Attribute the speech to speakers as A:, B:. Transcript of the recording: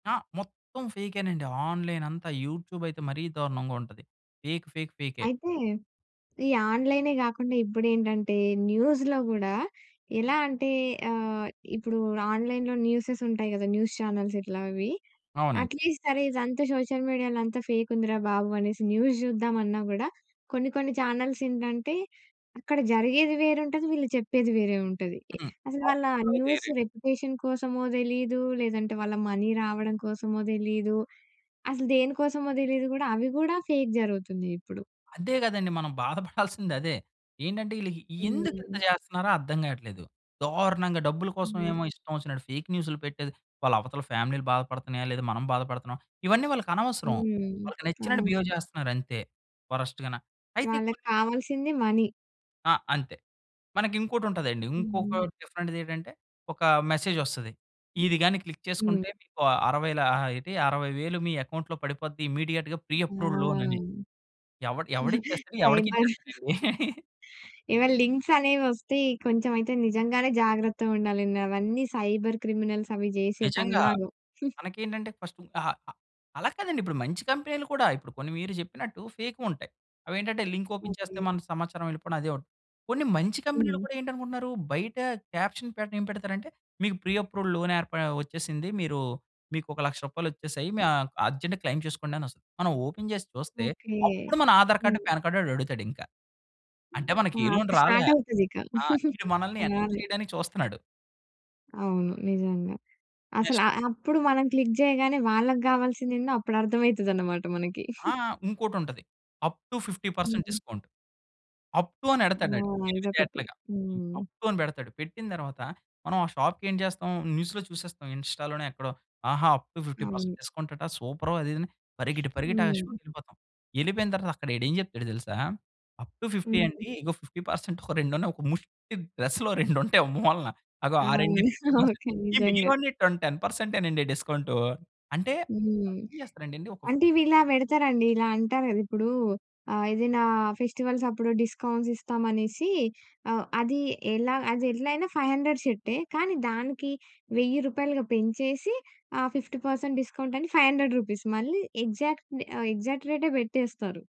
A: ఆ! మొత్తం ఫేకేనండి. ఆన్‌‌లైన్ అంతా యూట్యూబ్ అయితే మరీ దారుణంగా ఉంటది. ఫేక్. ఫేక్. ఫేకే.
B: అయితే ఈ ఆన్‌లై‌నే, గాకుండా ఇప్పుడేంటంటే న్యూస్‌లో గూడా ఎలా అంటే ఆహ్, ఇప్పుడు ఆన్‌లై‌న్‌లో న్యూసెస్ ఉంటాయి గదా! న్యూస్ చానెల్స్ ఇట్లా అవి.
A: అవునండి.
B: అట్‌లీస్ట్ సరే, ఇదంతా సోషల్ మీడియాలో అంతా ఫేకుందిరా బాబు! అనేసి న్యూస్ జూద్దామన్నా గూడా కొన్ని, కొన్ని చానెల్స్ ఏంటంటే, అక్కడ జరిగేది వేరుంటది. వీళ్ళు చెప్పేది వేరే ఉంటది. ఈ
A: హ్మ్.
B: అసలు వాళ్ళ న్యూస్
A: ఆక్సొదేరే
B: రెప్యుటేషన్ కోసమో తెలీదు, లేదంటే వాళ్ళ మనీ రావడం కోసమో తెలీదు. అసలు దేని కోసమో దెలీదు గూడా అవి గూడా ఫేక్ జరుగుతుంది ఇప్పుడు.
A: అదే గదండీ! మనం బాధపడాల్సిందదే. ఏంటంటే, ఈళ్ళకి ఎందుకింత
B: హ్మ్.
A: చేస్తున్నారో అర్థం గావట్లేదు. దారుణంగా డబ్బుల కోసం
B: హ్మ్.
A: ఏమో ఇష్టం వచ్చినట్టు ఫేక్ న్యూస్‌లు పెట్టేది. వాళ్ళ అవతల ఫ్యామిలీలు బాధపడుతున్నాయా లేదా, మనం బాధపడుతున్నామా ఇవన్నీ వాళ్ళకనవసరం.
B: హ్మ్.
A: వాళ్ళకి నచ్చినట్టు
B: అనూష్
A: బిహేవ్ జేస్తున్నారంతే. వరస్ట్ గాన అయితే కొన్ని
B: వాళ్ళక్కావాల్సింది మనీ.
A: ఆ! అంతే మనకి ఇంకోటుంటదండి. ఇంకొక
B: హ్మ్.
A: డిఫరెంట్‌ది ఏటంటే, ఒక మెసేజొస్తది. ఇది గానీ క్లిక్
B: హ్మ్.
A: చేసుకుంటే మీకు అరవై‌ల ఎటి 60,000 మీ అకౌంట్‌లో పడిపోద్ది ఇమ్మీడియేట్‌గా ప్రీ
B: ఆ!
A: అప్రూవల్ లోన్ అని. ఎవడు ఎవడిచ్చేస్తాడు,
B: ఫైబర్
A: ఎవడికిచ్చేస్తాడండి.
B: ఎవన లింక్స్ అనేవొస్తే కొంచెం అయితే నిజంగానే జాగ్రత్తగుండాలండి అవన్నీ సైబర్ క్రిమినల్స్ అవి జేసే
A: నిజంగా
B: పన్నాగం.
A: మనకేంటంటే, ఫస్టు అహా! అ అలా కాదండి ఇప్పుడు మంచి కంపెనీలు కూడా, ఇప్పుడు కొన్ని మీరు చెప్పినట్టు ఫేకూంటాయి. అవేంటంటే లింక్ ఓపెన్ చేస్తే
B: ఓకే.
A: మన సమాచారం వెళ్ళిపోవడం అదే. ఉ కొన్ని మంచి కంపెనీలు
B: హ్మ్.
A: కూడా ఏంటనుకుంటున్నారు, బయట క్యాప్షన్ పెట్టడం ఏం పెడతారంటే, మీకు ప్రీ అప్రూవడ్ లోన్ ఏర్ప వచ్చేసింది. మీరు మీకోక 1,00,000 రూపాయలొచ్చేసాయి మీ ఆహ్, అర్జెంట్‌గా క్లెయిమ్ చేసుకోండి అనొస్తది. మనం ఓపెన్ చేసి చూస్తే
B: ఓకే.
A: అప్పుడు మన ఆధార్ కార్డు,
B: హ్మ్.
A: పాన్ కార్డ్ ఆడడుగుతాడు ఇంకా. అంటే
B: ఆ!
A: మనకే లోన్
B: అప్పుడు
A: రాలే.
B: స్టార్ట్ అవుతదిక.
A: ఆ! వీడు మనల్ని ఎంటర్
B: తెల్లార్లు.
A: చేయడానికి చూస్తున్నాడు.
B: అవును. నిజంగా.
A: నెస్ట్
B: అసలు ఆహ్, అప్పుడు మనం క్లిక్ చేయగానే వాళ్ళకి గావాల్సిందేందో అప్పుడు అర్థమయితదనమాట మనకి.
A: ఆ! ఇంకోటుంటది. అప్ టు 50%
B: హుహు.
A: డిస్కౌంట్. అప్ టు
B: ఆ!
A: అనెడతాడాడు తెలివి
B: ఇదొకటి.
A: తేటలగా. హ్మ్,
B: హ్మ్.
A: అప్ టు అని బెడతాడు. పెట్టిన తర్వాత మనం ఆ షాప్‌కేం చేస్తాం న్యూస్‌లో చూసేస్తాం, ఇన్‌స్టా‌లోనో ఎక్కడో, ఆహా! అప్ టు 50%
B: అవును.
A: డిస్కౌంట్ అట సూపరు అదిదని పరిగెట్టి, పరిగెట్టి ఆ
B: హ్మ్.
A: షోకెళ్ళిపోతాం. ఎళ్ళిపోయిన తర్వాత అక్కడడేం చెప్తాడో తెలుసా, అప్ టు 50
B: హ్మ్.
A: అండి. ఇగో 50% ఒక రెండు ఉన్నాయి ఒక ముష్టి డ్రెస్‌లో రెండుంటాయి ఓ మూలన అగో ఆ
B: అవును.
A: రెండె ఫిఫ్టీ పర్సెంట్
B: ఓకె.
A: ఈ
B: నిజంగా.
A: మిగిలినవన్నీ టొన్ టెన్ పర్సెంటేనండి డిస్కౌంటు అంటే
B: హ్మ్.
A: వాళ్ళు ఏం చేస్తారండి ఒక ఫ్
B: అంటే ఇవిలా బెడతారండి. ఇలా అంటారు గదిప్పుడూ ఆహ్, ఏదైనా ఫెస్టివల్స్ అప్పుడు డిస్కౌంట్స్ ఇస్తాం అనేసి ఆహ్, అది ఎలా అది ఎట్లయిన 500 షర్టే కానీ, దానికి 1000 రూపాయలుగా పెంచేసి ఆ! 50% డిస్కౌంట్ అని రూ. 500 మళ్ళీ ఎగ్జాక్ట్ రె ఆ ఎగ్జాక్ట్ రేటే బెట్టేస్తారు.